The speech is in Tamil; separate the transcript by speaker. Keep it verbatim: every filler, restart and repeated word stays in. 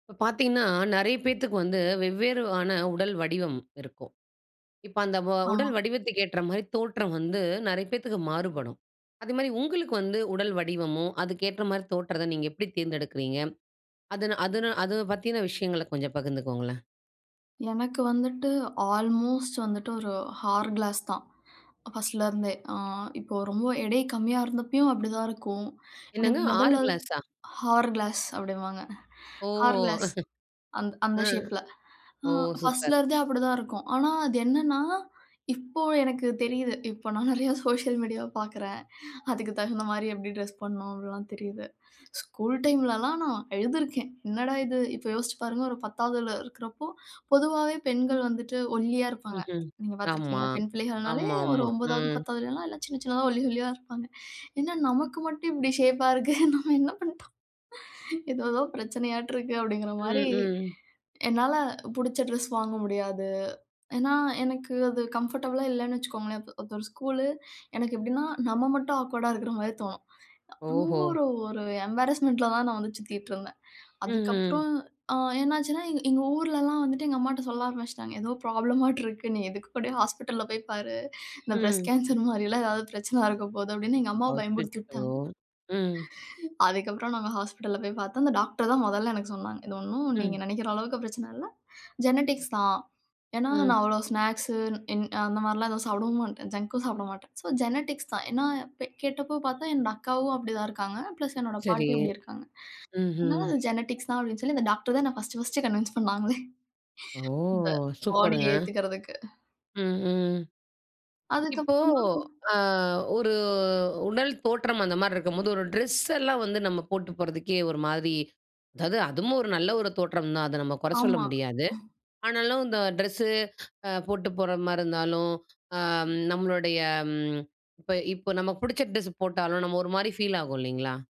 Speaker 1: இப்போ பார்த்தீங்கன்னா, நிறைய பேத்துக்கு வந்து, வெவ்வேறான உடல் வடிவம் இருக்கும், இப்ப அந்த வ உடல்
Speaker 2: ஆமா.
Speaker 1: வடிவத்துக்கு ஏற்ற மாரி தோற்றம் வந்து, நிறைய பேத்துக்கு மாறுபடும், அதுமாரி உங்களுக்கு வந்து உடல் வடிவமும், அதுக்கு ஏற்ற மாரி தோற்றத்த நீங்க எப்படி தேர்ந்தெடுக்கறீங்க? அது அது அத பத்தின விஷயங்கள கொஞ்சம் பகிர்ந்துக்கோங்களேன்.
Speaker 2: எனக்கு வந்துட்டு, ஆல்மோஸ்ட் வந்துட்டு, ஒரு ஹார் கிளாஸ் தான், ஃபர்ஸ்ட்டலேருந்தே ஆ இப்போ ரொம்ப எடை கம்மியா இருந்தப்பயும் அப்டிதான் இருக்கும்,
Speaker 1: என்னங்க
Speaker 2: எனக்கு
Speaker 1: ஆறு
Speaker 2: முதல்ல.
Speaker 1: கிளாஸா?
Speaker 2: ஹார் கிளாஸ் அப்டிம்பாங்க,
Speaker 1: ஓ!
Speaker 2: ஹேர் கிளாஸ் அந்த அந்த
Speaker 1: ஆ
Speaker 2: ஷேப்பில
Speaker 1: ஓ!
Speaker 2: அ
Speaker 1: சூப்பர்.
Speaker 2: ஃபர்ஸ்ட்டில இருந்தே அப்டிதான் இருக்கும், ஆனா அது என்னென்னா, இப்போ எனக்கு தெரியுது, இப்போ நான் நிறையா சோசியல் மீடியா பார்க்கிறேன், அதுக்கு தகுந்த மாரி எப்டி டிரெஸ் பண்ணணும். அப்டிலாம் தெரியுது, ஸ்கூல் டைம்லலாம் நான் அழுதிருக்கேன், என்னடா இது, இப்போ யோசிச்சு பாருங்க, ஒரு பத்தாவதுல இருக்கிறப்போ பொதுவாவே பெண்கள் வந்துட்டு, ஒல்லியா இருப்பாங்க,
Speaker 1: ம்ஹ்ம்.
Speaker 2: நீங்க
Speaker 1: ஆமா.
Speaker 2: பார்த்துருக்கீங்களா? பெண் பிள்ளைகள்னாலே ஒரு
Speaker 1: ஆமாமா.
Speaker 2: ஒன்பதாவது
Speaker 1: ம்.
Speaker 2: பத்தாவதுலலாம் எல்லாம் சின்ன சின்னதா ஒல்லி ஒல்லியா இருப்பாங்க, என்ன நமக்கு மட்டும் இப்டி ஷேப்பா இருக்கு? நம்ம என்ன பண்ணிட்டோம்? ஏதோ ஏதோ பிரச்சனையாட்டு இருக்கு அப்டிங்கிற
Speaker 1: ம்.
Speaker 2: மாரி,
Speaker 1: ம்.
Speaker 2: என்னால புடிச்ச ட்ரெஸ் வாங்க முடியாது, ஏன்னா எனக்கு அது கம்ஃபர்டபுளா இல்லைன்னு வச்சுக்கோங்களேன், ஒரு ஒரு ஸ்கூலு, எனக்கு எப்டின்னா, நம்ம மட்டும் ஆக்வர்டா இருக்கிற மாரி தோணும், ரொம்ப
Speaker 1: ஓஹோ!
Speaker 2: ஒரு ஒரு எம்பாரஸ்மெண்ட்டில தான் நான் வந்து சுத்திட்டுருந்தேன்,
Speaker 1: ம்ஹ்ம்.
Speaker 2: அதுக்கப்புறம் ஆ என்னாச்சுன்னா, எங்க எங்க ஊர்லலாம் வந்துட்டு, எங்க அம்மாட்ட சொல்ல ஆரம்பிச்சுட்டாங்க, ஏதோ ப்ராப்ளமாட்டு இருக்கு, நீ எதுக்கு கூட ஹாஸ்பிட்டலில போய் பாரு, இந்த பிரெஸ்ட்
Speaker 1: ம்.
Speaker 2: கேன்சர் மாரிலாம் ஏதாவது பிரச்சனையா இருக்க போது, அப்டின்னு எங்க அம்மாவ பயமுருத்தி
Speaker 1: அச்சச்சோ!
Speaker 2: விட்டாங்க.
Speaker 1: ம்.
Speaker 2: அதுக்கப்புறம் நாங்க ஹாஸ்பிட்டல்ல போய் பார்த்தோம், அந்த டாக்டர் தான் முதலில எனக்கு சொன்னாங்க, இது ஒண்ணும் நீங்க
Speaker 1: ம்.
Speaker 2: நினைக்கிற அளவுக்கு பிரச்சன இல்லை, ஜெனடிக்ஸ் தான், ஏனா நான்
Speaker 1: ம்.
Speaker 2: அவ்வளவு ஸ்நாக்ஸ், என் அந்த மாரி எல்லாம் எதுவும் சாப்பிடவும் மாட்டேன், ஜங்க்கும் சாப்பிட மாட்டேன், சோ ஜெனடிக்ஸ் தான், ஏனா பொ கேட்டபோ பார்த்தா என்னுடைய அக்காவும் அப்டி தான் இருக்காங்க, பிளஸ் என்னுடைய
Speaker 1: சரி.
Speaker 2: பாட்டியும் அப்டி இருக்காங்க, அதனால
Speaker 1: ம்ஹ்ம்.
Speaker 2: அது ஜெனடிக்ஸ் தான், அப்படினு சொல்லி, அந்த டாக்டர் தான் என்ன பர்ஸ்ட் பர்ஸ்ட் கன்வின்ஸ் பண்னாங்களே,
Speaker 1: ஓ!
Speaker 2: இந்த பாடி
Speaker 1: சூப்பருங்க.
Speaker 2: ஏத்துக்கறதுக்கு.
Speaker 1: ம்ஹ்ம். இப்போ
Speaker 2: அதுக்கப்புறம் தான்
Speaker 1: ஆ ஒரு உடல் தோற்றம் அந்த மாரி இருக்கும்போது, ஒரு ட்ரெஸ் எல்லாம் வந்து நம்ம போட்டு போறதுக்கே ஒரு மாதிரி, அதாவது அதுவும் ஒரு நல்ல ஒரு தோற்றம் தான், அத நம்ம குறை சொல்ல
Speaker 2: ஆமா.
Speaker 1: முடியாது, ஆனாலும் இந்த ட்ரெஸ்ஸு போட்டு போற மாரி இருந்தாலும், ஆ நம்மளுடைய ம் இப்போ இப்போ நமக்கு பிடிச்ச ட்ரெஸ் போட்டாலும் நம்ம ஒரு மாரி ஃபீல் ஆகும் இல்லைங்களா?